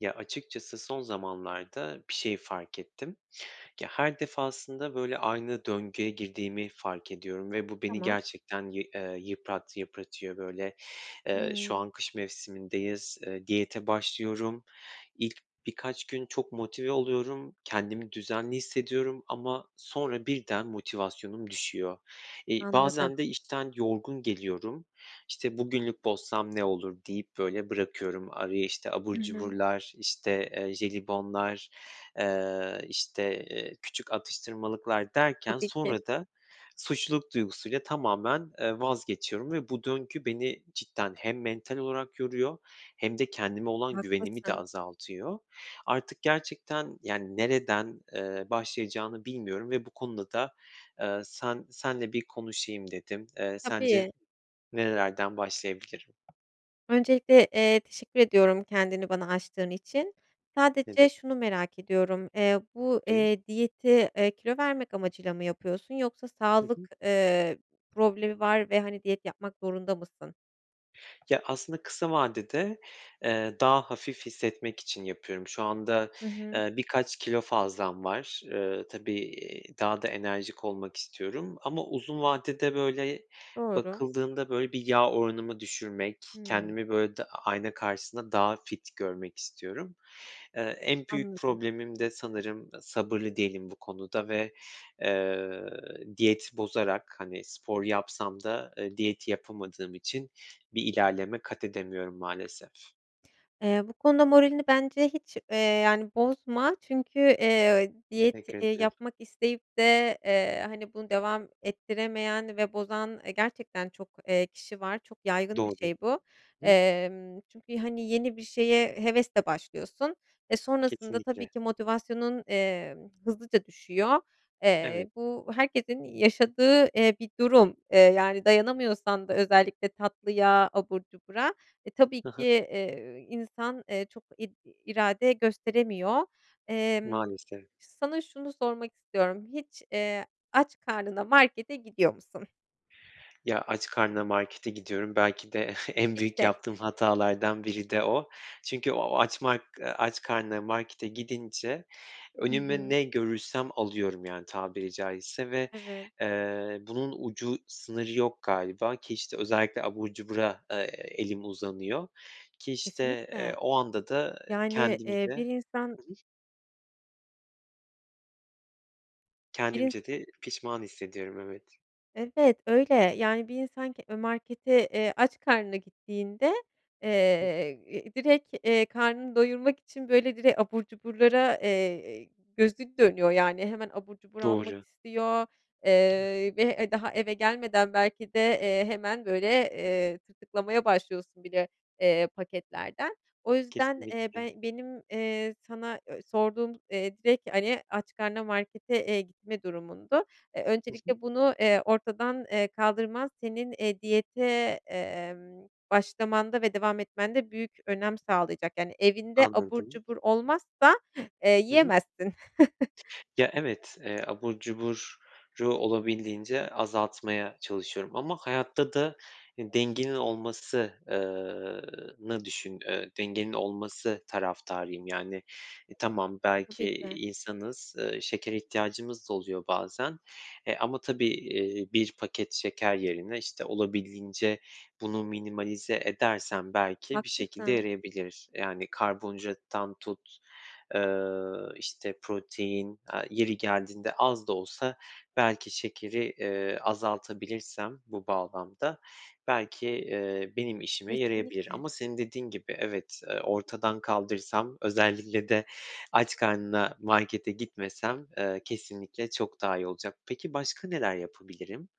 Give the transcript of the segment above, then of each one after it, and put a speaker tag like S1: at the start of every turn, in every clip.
S1: Ya, açıkçası son zamanlarda bir şey fark ettim. Ya, her defasında böyle aynı döngüye girdiğimi fark ediyorum ve bu, beni
S2: Tamam.
S1: gerçekten yı eee, yıprat yıpratıyor böyle. Eee, şu
S2: Hıı.
S1: an kış mevsimindeyiz, eee, diyete başlıyorum. İlk birkaç gün çok motive oluyorum. Kendimi düzenli hissediyorum ama sonra birden motivasyonum düşüyor. İii,
S2: Anladım.
S1: bazen de işten yorgun geliyorum. İşte, "Bugünlük bozsam ne olur?" deyip böyle bırakıyorum. Araya, işte, abur
S2: Hı hı.
S1: cuburlar, işte, eee, jelibonlar, eee, işte, eee, küçük atıştırmalıklar derken
S2: Tabii ki.
S1: sonra da suçluluk duygusuyla tamamen, eee, vazgeçiyorum ve bu döngü beni cidden hem mental olarak yoruyor hem de kendime olan güvenimi de
S2: Haklısın.
S1: azaltıyor. Artık gerçekten, yani, nereden, eee, başlayacağını bilmiyorum ve bu konuda da, eee, sen seninle bir konuşayım dedim. Eee, sence
S2: Tabii.
S1: nerelerden başlayabilirim?
S2: Öncelikle, eee, teşekkür ediyorum kendini bana açtığın için.
S1: Ne
S2: Sadece şunu
S1: demek.
S2: merak ediyorum, eee, bu,
S1: [unintelligible]
S2: eee, diyeti, eee, kilo vermek amacıyla mı yapıyorsun yoksa
S1: Hı
S2: sağlık,
S1: hı.
S2: eee, problemi var ve, hani, diyet yapmak zorunda mısın?
S1: Ya, aslında kısa vadede, eee, daha hafif hissetmek için yapıyorum. Şu anda,
S2: Hı hı.
S1: eee, birkaç kilo fazlam var. Iıı, tabii, iii, daha da enerjik olmak istiyorum ama uzun vadede, böyle,
S2: Doğru.
S1: bakıldığında, böyle, bir yağ oranımı düşürmek,
S2: Hıı.
S1: kendimi, böyle, da ayna karşısında daha fit görmek istiyorum. Eee, en büyük
S2: Anladım.
S1: problemim de sanırım sabırlı değilim bu konuda ve, eee, diyet bozarak, hani, spor yapsam da, eee, diyeti yapamadığım için bir ilerleme kat edemiyorum maalesef.
S2: Eee, bu konuda moralini bence hiç, eee, yani, bozma çünkü, eee, diyet,
S1: Teşekkür
S2: eee,
S1: ederim.
S2: yapmak isteyip de, eee, hani, bunu devam ettiremeyen ve bozan, eee, gerçekten çok, eee, kişi var, çok yaygın bir
S1: Doğru.
S2: şey bu.
S1: Hı.
S2: Emm, çünkü, hani, yeni bir şeye hevesle başlıyorsun ve sonrasında tabii
S1: Kesinlikle.
S2: ki motivasyonun, emm, hızlıca düşüyor.
S1: Evet.
S2: Eee, bu herkesin yaşadığı, eee, bir durum, eee, yani, dayanamıyorsan da özellikle tatlıya, abur cubura, e, tabii
S1: Hı
S2: ki,
S1: hı.
S2: eee, insan çok id irade gösteremiyor. Emm,
S1: Maalesef.
S2: sana şunu sormak istiyorum, hiç, eee, aç karnına markete gidiyor musun?
S1: Ya, aç karnına markete gidiyorum, belki de en büyük
S2: İşte.
S1: yaptığım hatalardan biri de o. Çünkü o açmak eee, aç karnına markete gidince
S2: Hı
S1: önüme
S2: hı.
S1: ne görürsem alıyorum, yani, tabiri caizse. Ve,
S2: Evet.
S1: eee, bunun ucu sınırı yok galiba. Ki, işte, özellikle abur cubura, eee, elim uzanıyor. Ki, işte, eee,
S2: Kesinlikle.
S1: o anda da, eee,
S2: Yani,
S1: kendimce
S2: eee, bir insan
S1: Hı hı.
S2: Bir ins
S1: Kendimce de pişman hissediyorum, evet.
S2: Evet öyle. Yani, bir insan ke e markete, eee, aç karnına gittiğinde, eee, direkt, eee, karnını doyurmak için böyle direkt abur cuburlara, eee, gözü dönüyor, yani, hemen abur cubur almak
S1: Doğru.
S2: istiyor, eee, ve, eee, daha eve gelmeden belki de, eee, hemen böyle, eee, tırtıklamaya başlıyorsun bile, eee, paketlerden. O yüzden, eee,
S1: Kesinlikle.
S2: be benim, eee, sana ö sorduğum, eee, direkt, hani, aç karnına markete, eee, gitme durumundu. Eee,
S1: Hı hı.
S2: öncelikle bunu, eee, ortadan, eee, kaldırman, senin, eee, diyete, emm, başlamanda ve devam etmende büyük önem sağlayacak. Yani, evinde abur
S1: Anladım.
S2: cubur olmazsa, eee,
S1: Hı hı.
S2: yiyemezsin.
S1: Ya, evet, eee, abur cuburu olabildiğince azaltmaya çalışıyorum ama hayatta da, ııı, dengenin olması eee, nı düşün dengenin olması taraftarıyım. Yani, e, tamam belki,
S2: Tabii ki.
S1: iii, insanız, şekere ihtiyacımız da oluyor bazen, eee, ama tabii, eee, 1 paket şeker yerine, işte, olabildiğince bunu minimalize edersem belki bir şekilde
S2: Haklısın.
S1: yarayabilir. Yani, karbonhidrattan tut, eee, işte, protein, aaa, yeri geldiğinde az da olsa belki şekeri, eee, azaltabilirsem bu bağlamda belki, eee, benim işime yarayabilir.
S2: Kesinlikle.
S1: Ama senin dediğin gibi evet, eee, ortadan kaldırsam, özellikle de aç karnına markete gitmesem, eee, kesinlikle çok daha iyi olacak. Peki, başka neler yapabilirim?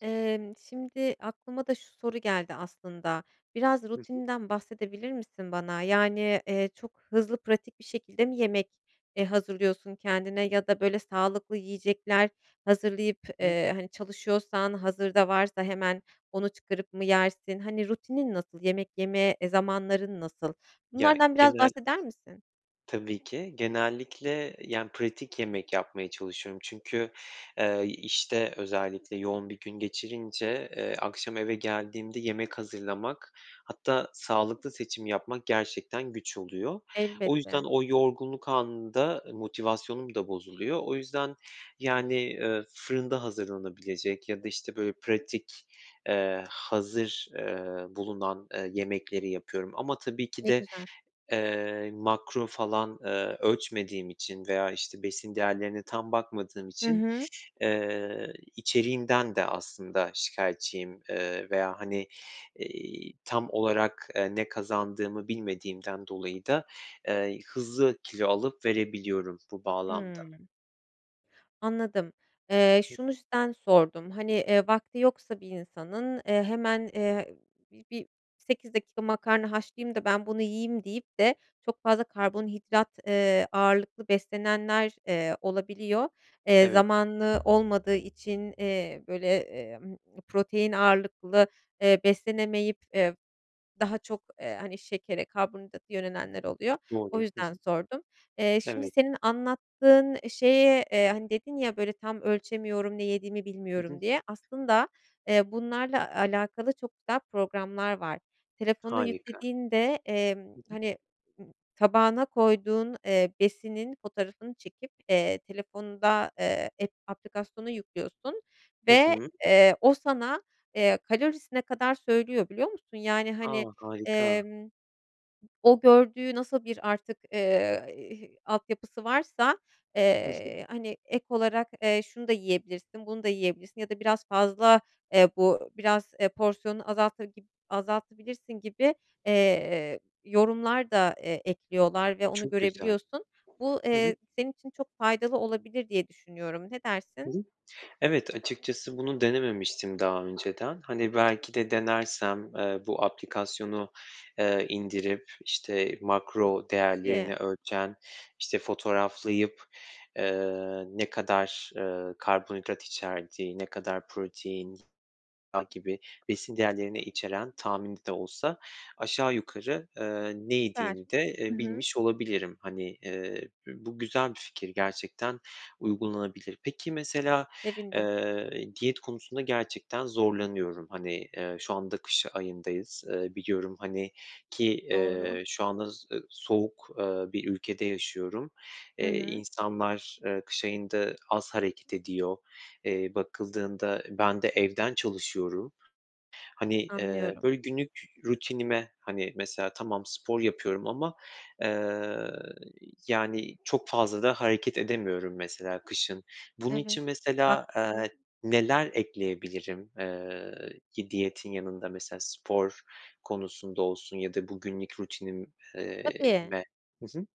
S2: Emm, şimdi aklıma da şu soru geldi aslında. Biraz
S1: Hı hı.
S2: rutininden bahsedebilir misin bana? Yani, eee, çok hızlı, pratik bir şekilde mi yemek, eee, hazırlıyorsun kendine ya da böyle sağlıklı yiyecekler hazırlayıp, eee, hani, çalışıyorsan hazırda varsa hemen onu çıkarıp mı yersin? Hani, rutinin nasıl? Yemek yeme, eee, zamanların nasıl?
S1: Ya,
S2: Bunlardan biraz
S1: genel
S2: bahseder misin?
S1: Tabii ki. Genellikle, yani, pratik yemek yapmaya çalışıyorum. Çünkü, eee, işte özellikle yoğun bir gün geçirince, eee, akşam eve geldiğimde yemek hazırlamak, hatta sağlıklı seçim yapmak gerçekten güç oluyor. O yüzden
S2: Elbette.
S1: o yorgunluk anında motivasyonum da bozuluyor. O yüzden, yani, eee, fırında hazırlanabilecek ya da, işte, böyle pratik, eee, hazır, eee, bulunan, eee, yemekleri yapıyorum ama tabii ki
S2: Ne
S1: de,
S2: güzel.
S1: eee, makro falan, eee, ölçmediğim için veya, işte, besin değerlerine tam bakmadığım
S2: Hı
S1: için,
S2: hı.
S1: eee, içeriğinden de aslında şikayetçiyim. Eee, veya, hani, eee, tam olarak ne kazandığımı bilmediğimden dolayı da, eee, hızlı kilo alıp verebiliyorum bu bağlamda.
S2: Hıı. Anladım. Eee, şu yüzden sordum; hani, vakti yoksa bir insanın, eee, hemen, eee, bi bir, "8 dakika makarna haşlayayım da ben bunu yiyeyim" deyip de çok fazla karbonhidrat, eee, ağırlıklı beslenenler, eee, olabiliyor. Eee,
S1: Evet.
S2: zamanı olmadığı için, eee, böyle, eee, mmm, protein ağırlıklı, eee, beslenemeyip, eee, daha çok, eee, hani, şekere, karbonhidrata yönelenler oluyor. O
S1: Doğru. Hı
S2: yüzden
S1: hı.
S2: sordum. Eee, şimdi
S1: Evet.
S2: senin anlattığın şeye, eee, hani, dedin ya böyle "Tam ölçemiyorum, ne yediğimi
S1: Hı hı.
S2: bilmiyorum" diye, aslında, eee, bunlarla alakalı çok güzel programlar var. Telefona
S1: Harika.
S2: yüklediğinde, emm,
S1: Hı hı.
S2: hani, ııı, tabağına koyduğun, eee, besinin fotoğrafını çekip, eee, telefonda, eee, ep aplikasyonu yüklüyorsun
S1: Hı
S2: ve,
S1: hı.
S2: eee, o sana, eee, kalorisine kadar söylüyor, biliyor musun? Yani,
S1: A!
S2: hani,
S1: harika.
S2: emm, o gördüğü nasıl bir artık, eee, hi altyapısı varsa,
S1: Hı hı.
S2: eee, hani, ek olarak, eee, "Şunu da yiyebilirsin, bunu da yiyebilirsin" ya da "Biraz fazla, eee, bu biraz, eee, porsiyonunu azalta gib azaltabilirsin" gibi, eee, yorumlar da, eee, ekliyorlar ve onu
S1: Çok güzel.
S2: görebiliyorsun. Bu,
S1: Hı hı.
S2: eee, senin için çok faydalı olabilir diye düşünüyorum. Ne
S1: Hı
S2: dersin?
S1: hı. Evet, açıkçası bunu denememiştim daha önceden. Hani, belki de denersem, eee, bu aplikasyonu, eee, indirip, işte, makro
S2: Tabii.
S1: değerlerini ölçen, işte, fotoğraflayıp, eee, ne kadar, eee, karbonhidrat içerdiği, ne kadar protein [unintelligible] gibi besin değerlerini içeren tahmini de olsa aşağı yukarı, eee, ne
S2: Süper!
S1: yediğimi de,
S2: I
S1: eee,
S2: hı.
S1: bilmiş olabilirim. Hani, eee, bü bu güzel bir fikir gerçekten, uygulanabilir. Peki, mesela,
S2: Sevindim.
S1: eee, diyet konusunda gerçekten zorlanıyorum. Hani, eee, şu anda kış ayındayız, eee, biliyorum, hani, ki,
S2: Doğru.
S1: eee, şu anda s e soğuk, eee, bir ülkede yaşıyorum.
S2: Hı
S1: Eee,
S2: hı.
S1: insanlar, eee, kış ayında az hareket ediyor. Eee, bakıldığında ben de evden çalışıyorum. Hani, eee,
S2: Anlıyorum.
S1: böyle günlük rutinime, hani, mesela tamam, spor yapıyorum ama, eee, yani, çok fazla da hareket edemiyorum mesela kışın. Bunun
S2: Evet,
S1: için mesela,
S2: haklısın.
S1: eee, neler ekleyebilirim, eee, yi diyetin yanında mesela spor konusunda olsun ya da bu, günlük rutinim eee,
S2: Tabii.
S1: me? Hı hı.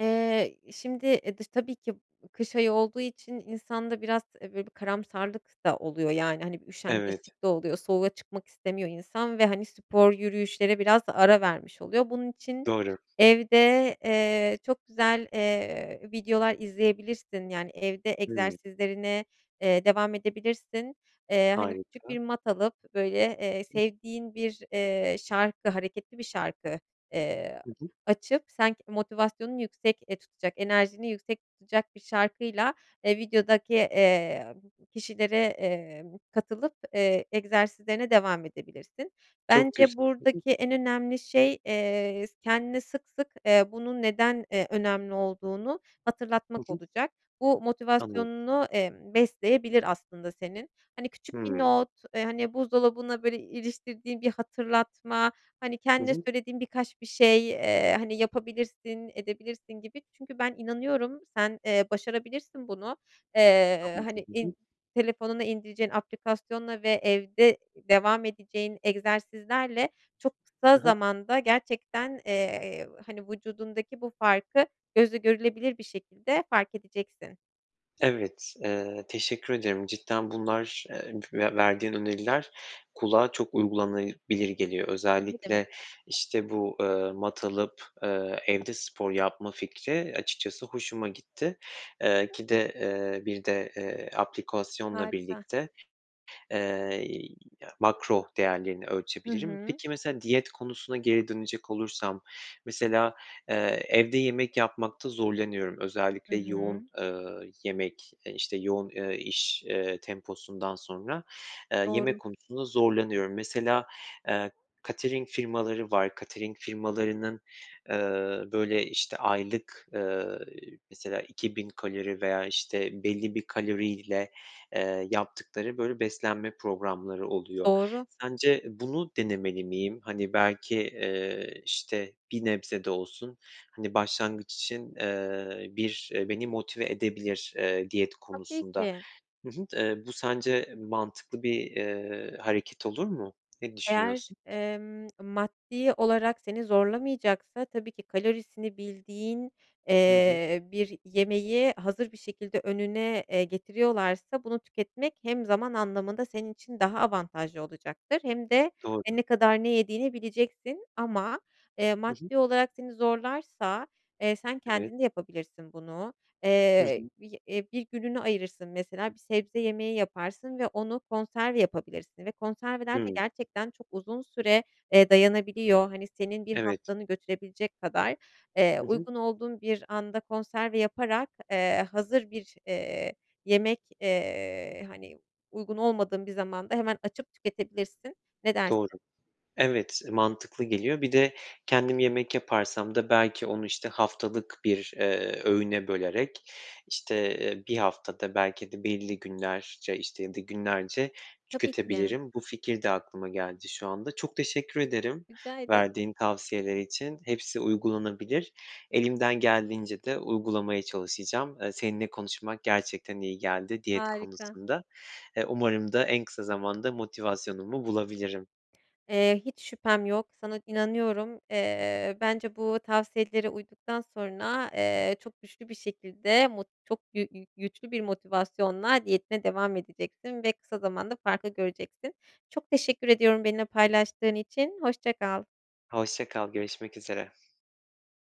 S2: Eee, şimdi e, dış tabii ki kış ayı olduğu için insanda biraz, eee, böyle bir karamsarlık da oluyor, yani, hani, bir
S1: Evet.
S2: üşengeçlik de oluyor, soğuğa çıkmak istemiyor insan ve, hani, spor, yürüyüşlere biraz ara vermiş oluyor. Bunun için
S1: Doğru.
S2: evde, eee, çok güzel, eee, videolar izleyebilirsin. Yani, evde
S1: Hıı.
S2: egzersizlerine, eee, devam edebilirsin. Eee, hani, küçük
S1: Harika.
S2: bir mat alıp böyle, eee, sevdiğin bir, eee, şarkı, hareketli bir şarkı, eee,
S1: Hı hı.
S2: açıp, sen k motivasyonunu yüksek, eee, tutacak, enerjini yüksek tutacak bir şarkıyla, eee, videodaki, eee, kişilere, eee, katılıp, eee, egzersizlerine devam edebilirsin.
S1: Çok
S2: Bence
S1: güz [unintelligible]
S2: buradaki en önemli şey, eee, s kendine sık sık, eee, bunun neden, eee, önemli olduğunu
S1: Hı
S2: hatırlatmak
S1: hı.
S2: olacak. Bu
S1: Anla
S2: motivasyonunu, emm, besleyebilir aslında senin. Hani, küçük bir
S1: Hıı.
S2: not, eee, hani, buzdolabına, böyle, iliştirdiğin bir hatırlatma, hani,
S1: Hı
S2: kendine
S1: hı.
S2: söylediğin birkaç bir şey, eee, hani, "Yapabilirsin, edebilirsin!" gibi, çünkü ben inanıyorum, sen, eee, başarabilirsin bunu. Eee,
S1: Anladım.
S2: hani,
S1: Hı hı.
S2: in telefonuna indireceğin aplikasyonla ve evde devam edeceğin egzersizlerle çok kısa
S1: Hı hı.
S2: zamanda gerçekten, eee, hani, vücudundaki bu farkı gözle görülebilir bir şekilde fark edeceksin.
S1: Evet, eee, teşekkür ederim. Cidden bunlar, eee, ve verdiğin öneriler kulağa çok uygulanabilir geliyor.
S2: Ne demek.
S1: Özellikle, işte, bu, eee, mat alıp, eee, evde spor yapma fikri açıkçası hoşuma gitti. Eee, ki de, eee, bir de, eee, aplikasyonla
S2: Harika.
S1: birlikte, eee, ya makro değerlerini
S2: Hı
S1: ölçebilirim.
S2: hı.
S1: Peki, mesela diyet konusuna geri dönecek olursam mesela, eee, evde yemek yapmakta zorlanıyorum,
S2: Hı
S1: özellikle yoğun,
S2: hı.
S1: eee, yemek, eee, işte, yoğun, eee, iş, eee, temposundan sonra, eee, yemek
S2: Doğru.
S1: konusunda zorlanıyorum. Mesela, eee, catering firmaları var. Catering firmalarının, ııı, böyle, işte, aylık, eee, mesela 2.000 kalori veya, işte, belli bir kaloriyle, eee, yaptıkları, böyle, beslenme programları oluyor.
S2: Doğru.
S1: Sence bunu denemeli miyim? Hani, belki, eee, işte, bir nebze de olsun, hani, başlangıç için, eee, bir beni motive edebilir, eee, diyet
S2: Tabii
S1: konusunda.
S2: ki.
S1: Hı hı. Eee, bu sence mantıklı bir, eee, hareket olur mu? Ne
S2: Eğer,
S1: düşünüyorsun?
S2: emm, maddi olarak seni zorlamayacaksa tabii ki kalorisini bildiğin,
S1: Hı hı.
S2: eee, bir yemeği hazır bir şekilde önüne, eee, getiriyorlarsa bunu tüketmek hem zaman anlamında senin için daha avantajlı olacaktır hem de e,
S1: Doğru.
S2: ne kadar ne yediğini bileceksin. Ama, eee,
S1: Hı hı.
S2: maddi olarak seni zorlarsa, eee, sen
S1: Evet.
S2: kendin de yapabilirsin bunu.
S1: Hı
S2: Eee,
S1: hı.
S2: bi eee, 1 gününü ayırırsın mesela bir sebze yemeği yaparsın ve onu konserve yapabilirsin ve konserveler de
S1: Hıı.
S2: gerçekten çok uzun süre, eee, dayanabiliyor, hani, senin 1
S1: Evet.
S2: haftanı götürebilecek kadar. Eee,
S1: Hı hı.
S2: uygun olduğun bir anda konserve yaparak, eee, hazır bir, eee, yemek, eee, hani, uygun olmadığın bir zamanda hemen açıp tüketebilirsin, ne dersin?
S1: Doğru. Evet, mantıklı geliyor. Bir de kendim yemek yaparsam da belki onu, işte, haftalık bir, eee, öğüne bölerek, işte, eee, 1 haftada belki de belli günlerce, işte, ya da günlerce
S2: Tabii ki.
S1: tüketebilirim. Bu fikir de aklıma geldi şu anda. Çok teşekkür ederim,
S2: Rica ederim.
S1: verdiğin tavsiyeler için. Hepsi uygulanabilir. Elimden geldiğince de uygulamaya çalışacağım. Eee, seninle konuşmak gerçekten iyi geldi diyet
S2: Harika.
S1: konusunda. Eee, umarım da en kısa zamanda motivasyonumu bulabilirim.
S2: Eee, hiç şüphem yok, sana inanıyorum. Eee, bence bu tavsiyelere uyduktan sonra, eee, çok güçlü bir şekilde, mut çok gü gü güçlü bir motivasyonla diyetine devam edeceksin ve kısa zamanda farkı göreceksin. Çok teşekkür ediyorum benimle paylaştığın için, hoşça kal.
S1: Hoşça kal, görüşmek üzere.